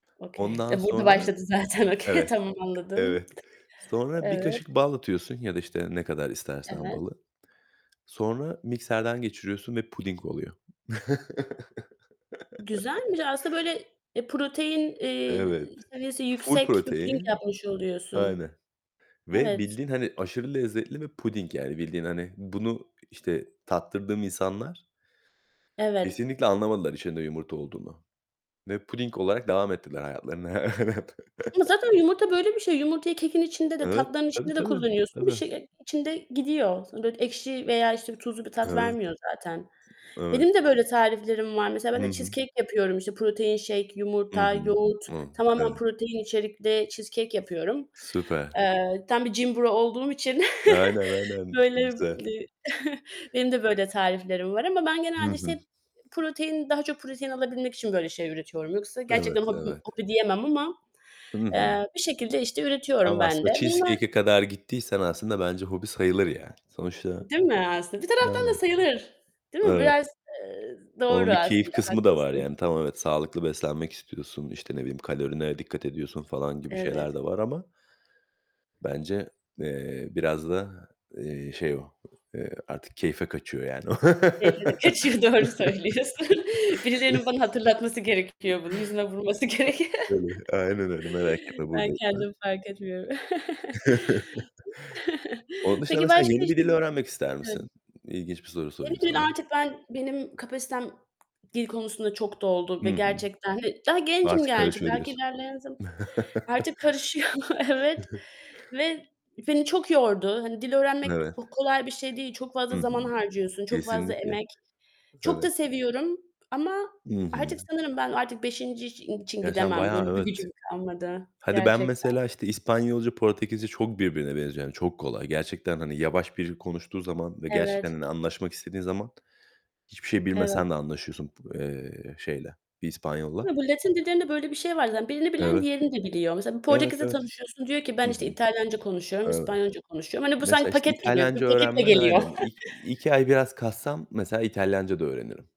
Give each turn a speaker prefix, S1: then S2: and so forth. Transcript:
S1: Okay,
S2: Ondan
S1: de burda
S2: sonra,
S1: başladı zaten
S2: b
S1: okey.
S2: evet,
S1: Tamam anladım.
S2: evet. Sonra 1
S1: Evet.
S2: kaşık bal atıyorsun ya da, işte, ne kadar istersen
S1: Evet.
S2: balı. Sonra mikserden geçiriyorsun ve puding oluyor.
S1: Güzelmiş. Aslında, böyle, eee, protein, eee,
S2: Evet,
S1: seviyesi
S2: ful
S1: yüksek bir puding
S2: protein.
S1: yapmış oluyorsun.
S2: Aynen ve
S1: Evet.
S2: bildiğin, hani, aşırı lezzetli ve puding yani bildiğin, hani, bunu, işte, tattırdığım insanlar
S1: Evet.
S2: kesinlikle anlamadılar içinde yumurta olduğunu ve puding olarak devam ettiler hayatlarına. Evet.
S1: Ama zaten yumurta böyle bir şey. Yumurtayı kekin içinde de
S2: Evet,
S1: tatlıların
S2: tabii
S1: içinde de
S2: tabii,
S1: kullanıyorsun. Bir
S2: tabii.
S1: şey, ııı, içinde gidiyor. Sonra da ekşi veya, işte, tuzlu bir tat
S2: Evet.
S1: vermiyor zaten.
S2: Evet.
S1: Benim de böyle tariflerim var. Mesela ben
S2: Hı
S1: de
S2: hı.
S1: cheesecake yapıyorum. İşte, protein shake
S2: Hı
S1: yumurta,
S2: hı.
S1: yoğurt,
S2: Hı.
S1: tamamen
S2: Evet.
S1: protein içerikli cheesecake yapıyorum.
S2: Süper.
S1: Eee, tam bir gym bro olduğum için,
S2: Aynen aynen.
S1: böyle,
S2: Çok
S1: ııı,
S2: güzel.
S1: benim de böyle tariflerim var ama ben
S2: Hı
S1: genelde,
S2: hı.
S1: işte, protein, daha çok protein alabilmek için, böyle, şey üretiyorum. Yoksa gerçekten
S2: Evet
S1: hobim,
S2: evet.
S1: hobi diyemem ama,
S2: Hı hı.
S1: eee, bir şekilde, işte, üretiyorum
S2: Ama
S1: ben de.
S2: aslında
S1: Bunlar
S2: cheesecake'e kadar gittiysen aslında bence hobi sayılır yani sonuçta.
S1: Değil mi aslında? Bir taraftan da
S2: Aynen.
S1: sayılır. Değil mi?
S2: Evet.
S1: Biraz, eee, doğru
S2: Onun bir keyif
S1: aslında
S2: kısmı da var
S1: haklısın.
S2: yani. Tamam evet sağlıklı beslenmek istiyorsun, işte, ne bileyim kalorine dikkat ediyorsun falan gibi şeyler
S1: Evet.
S2: de var ama. Bence, eee, biraz da, eee, şey o, eee, artık keyfe kaçıyor yani.
S1: Keyfi de kaçıyor doğru söylüyorsun. Birilerinin bana hatırlatması gerekiyor bunu yüzüme vurması gerekiyor.
S2: Öyle, aynen öyle merak etme,
S1: Ben
S2: buradayım ben.
S1: kendim fark etmiyorum.
S2: Onun dışında,
S1: Peki
S2: mesela
S1: başka,
S2: yeni bir
S1: işte
S2: dil öğrenmek ister
S1: Yani.
S2: misin? İlginç bir soru
S1: Yeni
S2: sorayım
S1: gün
S2: sana.
S1: artık ben, benim kapasitem dil konusunda çok doldu
S2: Hı
S1: ve
S2: hı.
S1: gerçekten de Daha gencim
S2: Artık
S1: gerçi
S2: karışıyor
S1: belki
S2: diyorsun.
S1: ilerleyen zaman Artık karışıyor, evet ve beni çok yordu. Hani, dil öğrenmek
S2: Evet.
S1: h kolay bir şey değil. Çok
S2: Hı
S1: fazla zaman
S2: hı.
S1: harcıyorsun. Çok fazla
S2: Kesinlikle.
S1: emek. Çok da
S2: Evet.
S1: seviyorum ama
S2: Hı hı.
S1: artık sanırım ben artık 5. i için
S2: Ya, sen
S1: gidemem. Böyle
S2: bayağı
S1: bir
S2: evet,
S1: gücüm kalmadı
S2: hadi ben
S1: gerçekten.
S2: mesela, işte, İspanyolca, Portekizce çok birbirine benziyor yani çok kolay. Gerçekten, hani, yavaş biri konuştuğu zaman ve gerçekten,
S1: Evet.
S2: hani, anlaşmak istediğin zaman hiçbir şey
S1: Evet.
S2: bilmesen de anlaşıyorsun b eee, şeyle bir İspanyol'la.
S1: Bu Latin dillerinde böyle bir şey var zaten birini bilen
S2: Evet.
S1: diğerini de biliyor. Mesela bir
S2: Evet,
S1: Portekiz'le
S2: evet.
S1: tanışıyorsun diyor ki
S2: Hı
S1: ben,
S2: hı.
S1: işte, İtalyanca konuşuyorum,
S2: Evet.
S1: İspanyolca konuşuyorum. Hani, bu sanki
S2: Mesela, işte,
S1: paket gibi. Bir
S2: İtalyanca
S1: paketle
S2: öğrenmen
S1: geliyor.
S2: aynen ik iki ay biraz kassam mesela İtalyanca da öğrenirim.